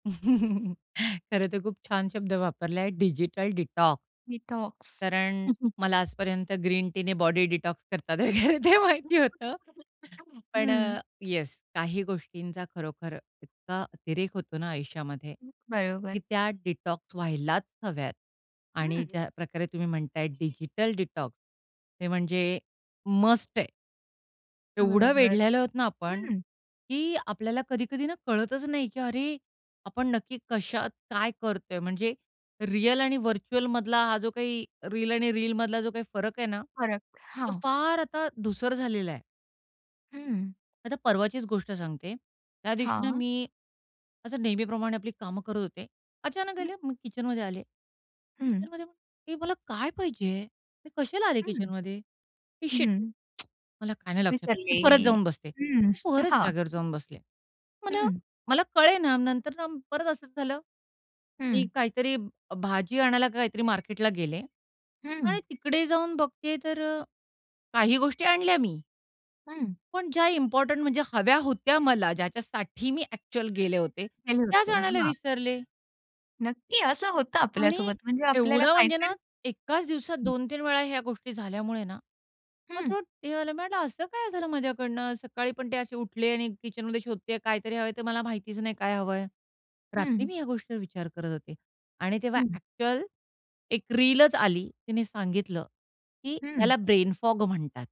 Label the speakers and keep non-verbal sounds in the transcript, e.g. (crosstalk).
Speaker 1: (chuckles) खरंतर खूप छान शब्द वापरला आहे, डिजिटल डिटॉक्स.
Speaker 2: डिटॉक्स
Speaker 1: कारण मला
Speaker 2: (chuckles)
Speaker 1: आजपर्यंत ग्रीन टीने बॉडी डिटॉक्स करतात वगैरे ते माहिती होतं.
Speaker 2: (unintelligible)
Speaker 1: पण
Speaker 2: हं.
Speaker 1: अ, येस काही गोष्टींचा खरोखर इतका अतिरेक होतो ना, आयुष्यामध्ये
Speaker 2: हं.
Speaker 1: की
Speaker 2: बरोबर.
Speaker 1: त्या डिटॉक्स व्हायलाच हव्यात आणि
Speaker 2: हं.
Speaker 1: ज्या प्रकारे तुम्ही म्हणताय डिजिटल डिटॉक्स ते म्हणजे मस्ट आहे. एवढं
Speaker 2: बरोबर.
Speaker 1: वेढलेलो आहोत ना, आपण
Speaker 2: हं.
Speaker 1: की आपल्याला कधी-कधी ना, कळतच नाही की अरे! आपण नक्की कशात काय करतोय? म्हणजे रिअल आणि व्हर्चुअल मधला हा जो काही, रिअल आणि रीलमधला जो काही फरक आहे ना,
Speaker 2: फरक.
Speaker 1: तो
Speaker 2: हां.
Speaker 1: फार आता धूसर झालेला आहे.
Speaker 2: हं.
Speaker 1: आता परवाचीच गोष्ट सांगते. त्या दिवशी ना,
Speaker 2: हां.
Speaker 1: मी असं नेहमीप्रमाणे आपली कामं करत होते. अचानक
Speaker 2: हं.
Speaker 1: आले मी किचनमध्ये आले.
Speaker 2: हं.
Speaker 1: किचनमध्ये, हे मला काय पाहिजे? मी कशाला आले
Speaker 2: हं,
Speaker 1: किचनमध्ये? हे शिट.
Speaker 2: हं.
Speaker 1: (tsk) मला काय नाही लक्षात. मी
Speaker 2: विसरले.
Speaker 1: परत जाऊन बसते.
Speaker 2: हं,
Speaker 1: मी परत
Speaker 2: हां.
Speaker 1: जागेवर जाऊन बसले. मला
Speaker 2: हं.
Speaker 1: मला कळेना नंतर ना, परत असं झालं. मी
Speaker 2: हं.
Speaker 1: काहीतरी भ भाजी आणायला काहीतरी मार्केटला गेले आणि
Speaker 2: हं.
Speaker 1: तिकडे जाऊन बघते तर अ, काही गोष्टी आणल्या मी
Speaker 2: हं.
Speaker 1: पण ज्या इम्पोर्टंट म्हणजे हव्या होत्या मला. ज्याच्यासाठी मी ॲक्चुअल गेले होते,
Speaker 2: गेले
Speaker 1: त्याच
Speaker 2: होते.
Speaker 1: आणायला
Speaker 2: हां.
Speaker 1: विसरले.
Speaker 2: नक्की. असं होतं आपल्या
Speaker 1: आणि
Speaker 2: सोबत. म्हणजे आपल्याला
Speaker 1: एवढं म्हणजे ना,
Speaker 2: काहीतरी
Speaker 1: एकाच दिवसात
Speaker 2: हं.
Speaker 1: 2-3 वेळा ह्या गोष्टी झाल्यामुळे ना,
Speaker 2: हं.
Speaker 1: (unintelligible) म्हटलं असं काय झालं माझ्याकडनं? सकाळी पण ते असे उठले आणि किचनमध्ये शोधतेय कायतरी हवंय. ते मला माहितीच नाही काय हवंय? रात्री
Speaker 2: हं.
Speaker 1: मी ह्या गोष्टीवर विचार करत होते आणि तेव्हा
Speaker 2: हं.
Speaker 1: ॲक्चुअल 1 रीलच आली. तिने सांगितलं की
Speaker 2: हं.
Speaker 1: त्याला ब्रेन फॉग म्हणतात.